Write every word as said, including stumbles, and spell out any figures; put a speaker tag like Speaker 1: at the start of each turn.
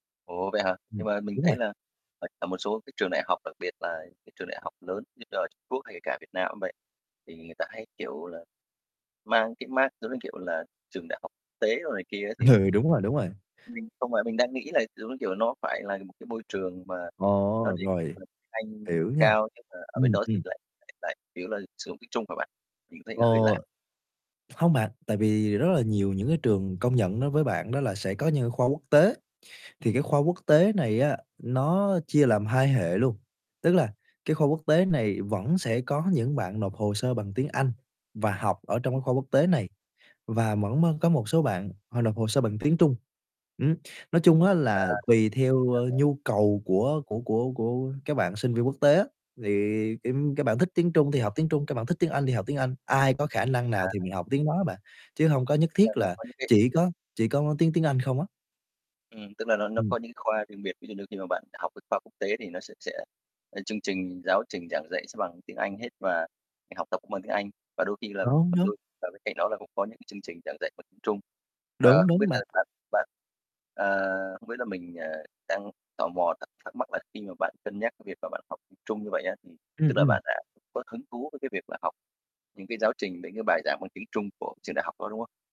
Speaker 1: Ủa, vậy hả?
Speaker 2: Ừm,
Speaker 1: Nhưng mà mình
Speaker 2: đúng
Speaker 1: thấy
Speaker 2: rồi.
Speaker 1: là tại ở một số cái trường đại học, đặc biệt là cái trường đại học lớn như là Trung Quốc hay kể cả Việt Nam cũng vậy, thì người ta hay, kiểu là, mang cái mác giống như, kiểu là, trường đại học tế đồ này kia ấy thì
Speaker 2: Ừ, đúng rồi, đúng rồi.
Speaker 1: Mình không phải mình đang nghĩ là, giống như kiểu, nó phải là một cái môi trường mà nó
Speaker 2: Ồ!
Speaker 1: đề cập
Speaker 2: Rồi,
Speaker 1: cập tiếng Anh
Speaker 2: hiểu nha.
Speaker 1: cao nhưng mà ở bên
Speaker 2: Ừm,
Speaker 1: đó thì
Speaker 2: ừm.
Speaker 1: lại lại lại chủ yếu là sử dụng tiếng Trung hả bạn? Mình cũng thấy
Speaker 2: Ờ.
Speaker 1: nó hơi lạ.
Speaker 2: Không bạn, tại vì rất là nhiều những cái trường công nhận đối với bạn đó là sẽ có những khoa quốc tế, thì cái khoa quốc tế này á nó chia làm hai hệ luôn, tức là cái khoa quốc tế này vẫn sẽ có những bạn nộp hồ sơ bằng tiếng Anh và học ở trong cái khoa quốc tế này, và mẫn mới có một số bạn họ nộp hồ sơ bằng tiếng Trung, ừm. Nói chung á
Speaker 1: À,
Speaker 2: là tùy theo,
Speaker 1: chuẩn
Speaker 2: ơ,
Speaker 1: rồi.
Speaker 2: nhu cầu của của của của các bạn sinh viên quốc tế á, thì tim các bạn thích tiếng Trung thì học tiếng Trung, các bạn thích tiếng Anh thì học tiếng Anh, ai có khả năng nào
Speaker 1: À.
Speaker 2: thì mình học tiếng đó á bạn, chứ hông có nhất
Speaker 1: Là
Speaker 2: thiết
Speaker 1: nó
Speaker 2: là
Speaker 1: có những cái
Speaker 2: chỉ có chỉ có tiếng tiếng Anh không á.
Speaker 1: Ừm, tức là nó nó
Speaker 2: Ừm.
Speaker 1: có những cái khoa riêng biệt. Ví dụ như khi mà bạn học cái khoa quốc tế thì nó sẽ sẽ ơ, chương trình giáo trình giảng dạy sẽ bằng tiếng Anh hết và việc học tập cũng bằng tiếng Anh, và đôi khi là và đôi
Speaker 2: [unintelligible]
Speaker 1: và bên cạnh đó là cũng có những cái chương trình giảng dạy bằng tiếng Trung. Và
Speaker 2: Đúng,
Speaker 1: không biết
Speaker 2: đúng
Speaker 1: là
Speaker 2: bạn.
Speaker 1: bạn bạn à, không biết là mình, ờ, đang tò mò thật thắc thắc mắc là khi mà bạn cân nhắc cái việc mà bạn học tiếng Trung như vậy á, thì tức
Speaker 2: Ừm,
Speaker 1: là
Speaker 2: ừm.
Speaker 1: bạn đã có hứng thú với cái việc là học những cái giáo trình, những cái bài giảng bằng tiếng Trung của trường đại học đó, đúng không?